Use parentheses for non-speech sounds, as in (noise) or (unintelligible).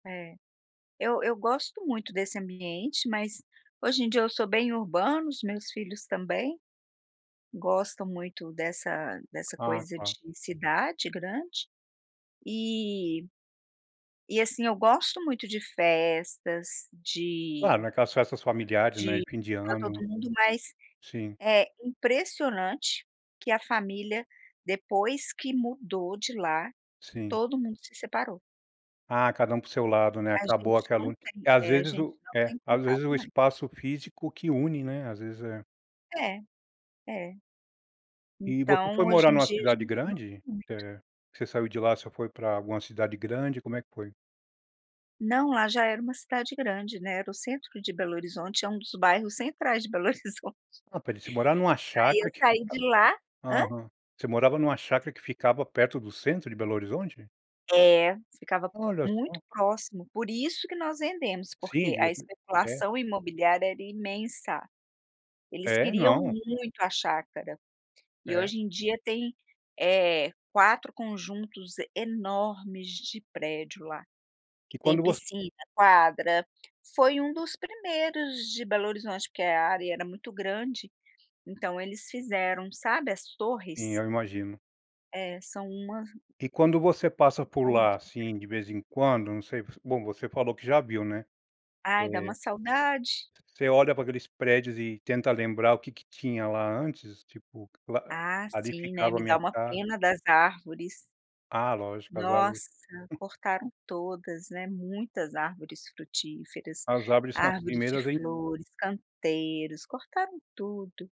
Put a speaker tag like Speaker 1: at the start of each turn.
Speaker 1: É, eu eu gosto muito desse ambiente, mas hoje em dia eu sou bem urbana, os meus filhos também gostam muito dessa dessa
Speaker 2: Ah,
Speaker 1: coisa de
Speaker 2: tá.
Speaker 1: cidade grande, e e assim, eu gosto muito de festas,
Speaker 2: Claro,
Speaker 1: de
Speaker 2: naquelas festas familiares, né,
Speaker 1: de
Speaker 2: fim de
Speaker 1: estar
Speaker 2: ano.
Speaker 1: todo mundo, mas
Speaker 2: Sim.
Speaker 1: é impressionante que a família depois que mudou de lá
Speaker 2: Sim.
Speaker 1: todo mundo se separou.
Speaker 2: Ah, cada um para o seu lado né
Speaker 1: A
Speaker 2: acabou
Speaker 1: gente não
Speaker 2: aquela
Speaker 1: tem,
Speaker 2: às
Speaker 1: eh, a
Speaker 2: vezes o
Speaker 1: gente não
Speaker 2: é,
Speaker 1: tem
Speaker 2: às vezes, o
Speaker 1: contato mais.
Speaker 2: espaço físico que une, né, às vezes é.
Speaker 1: É, é.
Speaker 2: E você foi
Speaker 1: Então
Speaker 2: morar
Speaker 1: hoje
Speaker 2: em
Speaker 1: em
Speaker 2: uma
Speaker 1: dia a
Speaker 2: cidade
Speaker 1: gente (unintelligible)
Speaker 2: grande?
Speaker 1: muito.
Speaker 2: É que você saiu de lá você foi para alguma cidade grande, como é que foi?
Speaker 1: Não lá já era uma cidade grande, né, era o centro de Belo Horizonte é um dos bairros centrais de Belo Horizonte.
Speaker 2: Ah, pera ai, você morava em uma
Speaker 1: Aí
Speaker 2: chácara
Speaker 1: eu
Speaker 2: que
Speaker 1: saí
Speaker 2: fica
Speaker 1: de lá hã?
Speaker 2: Aham. Você morava em uma chácara que ficava perto do centro de Belo Horizonte?
Speaker 1: É ficava
Speaker 2: Olha só.
Speaker 1: muito próximo, por isso que nós vendemos
Speaker 2: Sim
Speaker 1: porque a
Speaker 2: (unintelligible) é.
Speaker 1: especulação imobiliária era imensa. Eles
Speaker 2: É,
Speaker 1: queriam
Speaker 2: não.
Speaker 1: muito a chácara. E
Speaker 2: É.
Speaker 1: hoje em dia tem, eh, 4 conjuntos enormes de prédio lá, que
Speaker 2: E
Speaker 1: tem
Speaker 2: quando você
Speaker 1: piscina, quadra, foi um dos primeiros de Belo Horizonte, porque a área era muito grande, então eles fizeram sabe as torres.
Speaker 2: Sim eu imagino.
Speaker 1: É sāo uma
Speaker 2: E quando você passa por
Speaker 1: Torre de
Speaker 2: lá,
Speaker 1: ferro.
Speaker 2: assim, de vez em quando não sei, bom você falou que já viu, né.
Speaker 1: Ai dá uma
Speaker 2: É.
Speaker 1: saudade.
Speaker 2: Você olha para aqueles prédios e tenta lembrar o que que tinha lá antes tipo,
Speaker 1: Ah
Speaker 2: ali
Speaker 1: sim, né,
Speaker 2: ficava a
Speaker 1: me
Speaker 2: minha
Speaker 1: dá uma
Speaker 2: casa?
Speaker 1: pena das árvores.
Speaker 2: Ah, lógico, as árvores.
Speaker 1: Nossa, cortaram todas, né, muitas árvores frutíferas,
Speaker 2: As árvores são as
Speaker 1: árvores de
Speaker 2: primeiras, en
Speaker 1: flores, canteiros, cortaram tudo.